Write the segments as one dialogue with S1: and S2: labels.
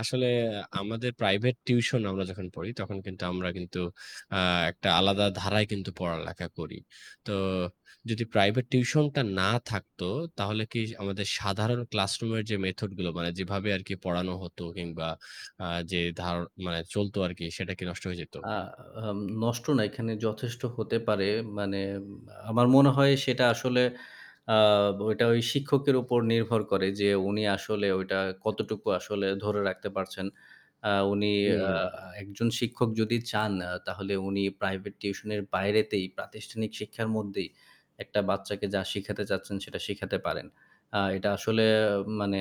S1: আসলে আমাদের private tuition আমরা যখন পড়ি তখন কিন্তু আমরা কিন্তু আ একটা আলাদা ধারায় কিন্তু পড়ালেখা করি। তো যদি প্রাইভেট টিউশনটা না থাকতো তাহলে কি আমাদের সাধারণ ক্লাসরুমের যে মেথড গুলো মানে যেভাবে আরকি পড়ানো হতো কিংবা আ যে ধার চলত আরকি সেটা কি নষ্ট হয়ে যেত?
S2: আ আম নষ্ট না এখানে যথেষ্ট হতে পারে। মানে আমার মনে হয় সেটা আসলে আ ওইটা ওই শিক্ষকের উপর নির্ভর করে যে উনি আসলে ওইটা কতটুকু আসলে ধরে রাখতে পারছেন। আ উনি আ
S1: হুম।
S2: একজন শিক্ষক যদি চান তাহলে উনি প্রাইভেট টিউশনের বাইরেতেই প্রাতিষ্ঠানিক শিক্ষার মধ্যেই একটা বাচ্চাকে যা শিখাতে চাচ্ছেন সেটা শিখাতে পারেন। আ এটা আসলে মানে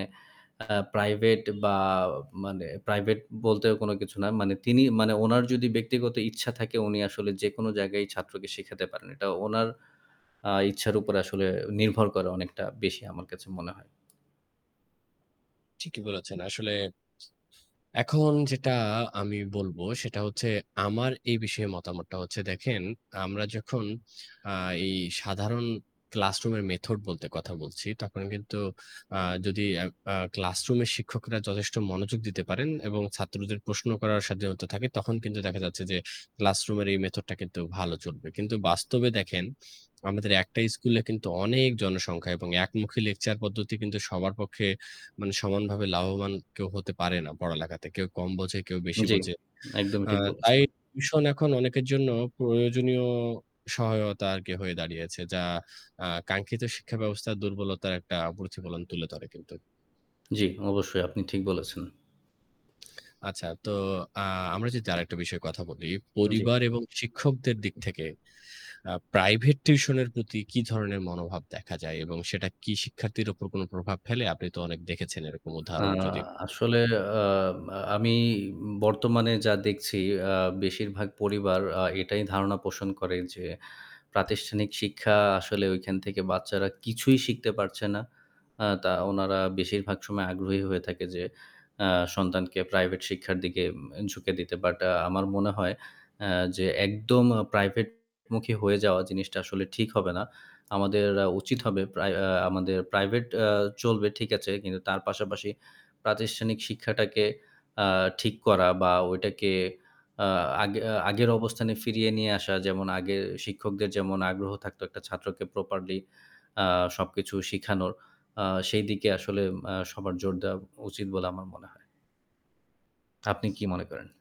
S2: আ প্রাইভেট বা মানে প্রাইভেট বলতেও কোনো কিছু না। মানে তিনি মানে উনার যদি ব্যক্তিগত ইচ্ছা থাকে উনি আসলে যেকোনো জায়গায় ছাত্রকে শিখাতে পারেন। এটা উনার আ ইচ্ছার উপর আসলে নির্ভর করে অনেকটা বেশি আমার কাছে মনে হয়।
S1: ঠিকই বলেছেন। আসলে এখন যেটা আমি বলব সেটা হচ্ছে আমার এই বিষয়ে মতামতটা হচ্ছে দেখেন আমরা যখন আ এই সাধারণ ক্লাসরুমের মেথড বলতে কথা বলছি। তখন কিন্তু আ যদি অ্যা আ ক্লাসরুমের শিক্ষকরা যথেষ্ট মনোযোগ দিতে পারেন এবং ছাত্রদের প্রশ্ন করার স্বাধীনতা থাকে তখন কিন্তু দেখা যাচ্ছে যে ক্লাসরুমের এই মেথড টা কিন্তু ভালো চলবে। কিন্তু বাস্তবে দেখেন আমাদের একটাই স্কুলে কিন্তু অনেক জনসংখ্যা এবং একমুখী লেকচার পদ্ধতি কিন্তু সবার পক্ষে মানে সমানভাবে লাভবান কেউ হতে পারে না পড়ালেখাতে। কেউ কম বোঝে, কেউ বেশি
S2: জি,
S1: বোঝে।
S2: একদমই
S1: আ
S2: ঠিক
S1: তাই
S2: বলেছেন।
S1: টিউশন এখন অনেকের জন্য প্রয়োজনীয় সহায়তার আরকি হয়ে দাঁড়িয়েছে যা আ কাঙ্ক্ষিত শিক্ষা ব্যবস্থার দুর্বলতার একটা প্রতিফলন তুলে ধরে কিন্তু।
S2: জি, অবশ্যই আপনি ঠিক বলেছেন।
S1: তো আ আমরা যদি আরেকটা বিষয়ে কথা বলি।
S2: জি।
S1: পরিবার এবং শিক্ষকদের দিক থেকে আ প্রাইভেট টিউশন এর প্রতি কি ধরনের মনোভাব দেখা যায় এবং সেটা কি শিক্ষার্থীর উপর কোনো প্রভাব ফেলে? আপনি তো অনেক দেখেছেন এরকম
S2: আ
S1: উদাহরণ যদি একটু বলতেন।
S2: আসলে আ আমি বর্তমানে যা দেখছি আ বেশিরভাগ পরিবার আ এটাই ধারণা পোষণ করে যে প্রাতিষ্ঠানিক শিক্ষা আসলে ওইখান থেকে বাচ্চারা কিছুই শিখতে পারছে না আ তা ওনারা বেশিরভাগ সময় আগ্রহী হয়ে থাকে যে আ সন্তানকে প্রাইভেট শিক্ষার দিকে ঝুঁকে দিতে। বাট আমার মনে হয় আ যে একদম প্রাইভেটমুখী হয়ে যাওয়া জিনিসটা আসলে ঠিক হবে না। আমাদের অ্যা উচিত হবে প্রাই অ আ আমাদের প্রাইভেট আ চলবে ঠিক আছে কিন্তু তার পাশাপাশি প্রাতিষ্ঠানিক শিক্ষাটাকে আ ঠিক করা বা ওইটাকে আ আগে আগের অবস্থানে ফিরিয়ে নিয়ে আসা যেমন আগের শিক্ষকদের যেমন আগ্রহ থাকতো একটা ছাত্রকে প্রপারলি আ সবকিছু শিখানোর আ সেইদিকে আসলে আ সবার জোর দেওয়া উচিত বলে আমার মনে হয়। আপনি কি মনে করেন?